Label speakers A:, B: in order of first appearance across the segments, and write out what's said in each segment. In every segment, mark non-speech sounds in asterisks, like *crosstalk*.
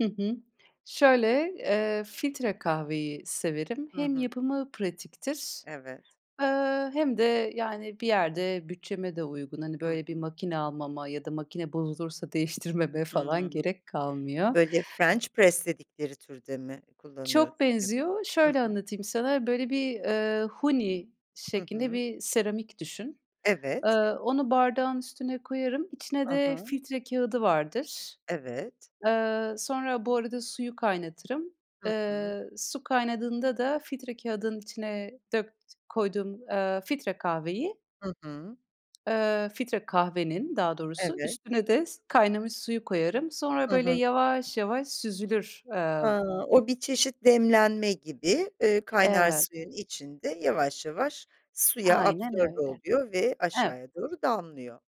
A: Hı hı. Şöyle: Eee, filtre kahveyi severim.
B: Hı
A: Hem
B: hı.
A: yapımı pratiktir,
B: Evet.
A: eee, hem de, yani, bir yerde bütçeme de uygun. Hani,
B: Hı
A: böyle bir
B: hı.
A: makine almama ya da makine bozulursa değiştirmeme falan
B: Hımm.
A: gerek kalmıyor.
B: Böyle french press dedikleri türde mi
A: Çok
B: kullanıyorsun?
A: benziyor.
B: Hı
A: Şöyle
B: hı.
A: anlatayım sana: Böyle bir, eee, huni
B: Hı
A: şeklinde
B: hı.
A: bir seramik düşün. Eee,
B: Evet.
A: onu bardağın üstüne koyarım. İçine
B: Hı
A: de
B: hı.
A: filtre kâğıdı vardır.
B: Evet.
A: Eee, sonra Bu arada suyu kaynatırım.
B: Hı hı.
A: Eee, su kaynadığında da filtre kâğıdının içine dökt koyduğum, eee, filtre kahveyi
B: Hı hı.
A: Eee, filtre kahvenin, daha doğrusu,
B: Evet.
A: üstüne de s kaynamış suyu koyarım. Sonra
B: Hı
A: böyle
B: hı.
A: yavaş yavaş süzülür. Eee
B: A! O, bir çeşit demlenme gibi, eee, kaynar
A: Evet.
B: suyun içinde yavaş yavaş suya
A: Aynen
B: absorbe
A: öyle.
B: oluyor ve
A: Evet.
B: aşağıya doğru damlıyor.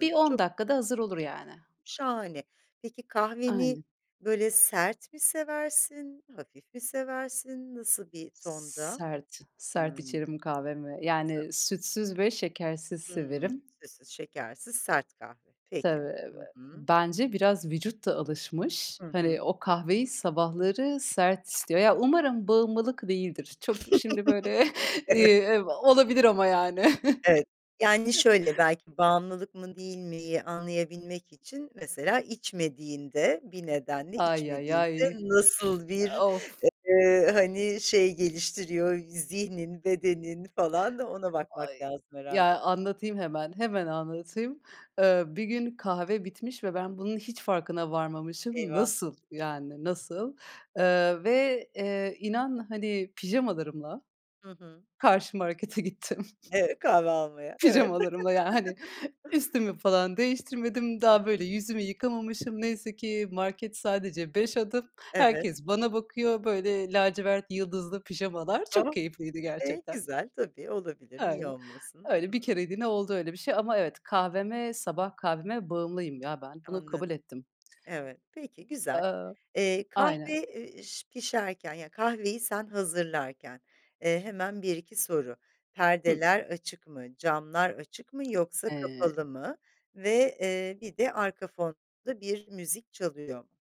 A: Bir 10
B: çok güzel.
A: dakika da hazır olur yani.
B: Şahane. Peki, kahveni
A: Aynen.
B: böyle sert mi seversin, hafif mi seversin? Nasıl bir tonda?
A: Sert sert
B: Hıı.
A: içerim kahvemi.
B: *unintelligible*
A: Yani sütsüz ve şekersiz
B: Hımm. *smacks lips*
A: severim.
B: Sütsüz, şekersiz, sert kahve.
A: Tabii,
B: Peki.
A: eee,
B: Hı hı.
A: bence biraz vücut da alışmış.
B: Hı hı.
A: Hani, o kahveyi sabahları sert istiyor. Ya, umarım bağımlılık değildir. Çok şimdi böyle
B: *chuckles*
A: *chuckles*
B: Evet.
A: Eee, olabilir ama yani.
B: Evet, yani
A: *chuckles*
B: şöyle: Belki "bağımlılık mı, değil mi"yi anlayabilmek için mesela içmediğinde bir nedenle
A: Ay, ay,
B: içmediğinde
A: ay!
B: nasıl bir,
A: Of!
B: eee, hani, şey geliştiriyor, zihnin, bedenin falan ona bakmak
A: Ay!
B: lazım
A: Ya,
B: herhâlde.
A: anlatayım hemen, hemen anlatayım. Eee, bir gün kahve bitmiş ve ben bunun hiç farkına varmamışım.
B: Eyvah!
A: Nasıl? Yani
B: Hıı.
A: nasıl? Eee, ve, eee, inan, hani, pijamalarımla
B: Hı hı.
A: karşı markete gittim.
B: Ev Kahve almaya. Evet.
A: Pijamalarımla, yani, hani,
B: *chuckles*
A: üstümü falan değiştirmedim.
B: Hı
A: Daha, böyle,
B: hı.
A: yüzümü yıkamamışım neyse ki. Market sadece 5 adım.
B: Evet.
A: Herkes bana bakıyor. Böyle, lacivert, yıldızlı pijamalar çok
B: Oh!
A: keyifliydi
B: Eee,
A: gerçekten.
B: güzel. Tabii, olabilir. Niye
A: Öyle.
B: olmasın? Hı
A: Öyle bir
B: hı.
A: kereliğine oldu öyle bir şey. Ama evet, kahveme sabah kahveme bağımlıyım ya ben. Bunu kabul
B: Anladım.
A: ettim.
B: Evet. Peki, güzel.
A: Eee
B: Eee, kahve,
A: Aynen.
B: eee, ş pişerken yani, kahveyi sen hazırlarken, eee, hemen 1-2 soru:
A: Hıı.
B: Perdeler açık mı, camlar açık mı, yoksa
A: Eee
B: kapalı mı ve, eee, bir de arka fonda bir müzik çalıyor mu?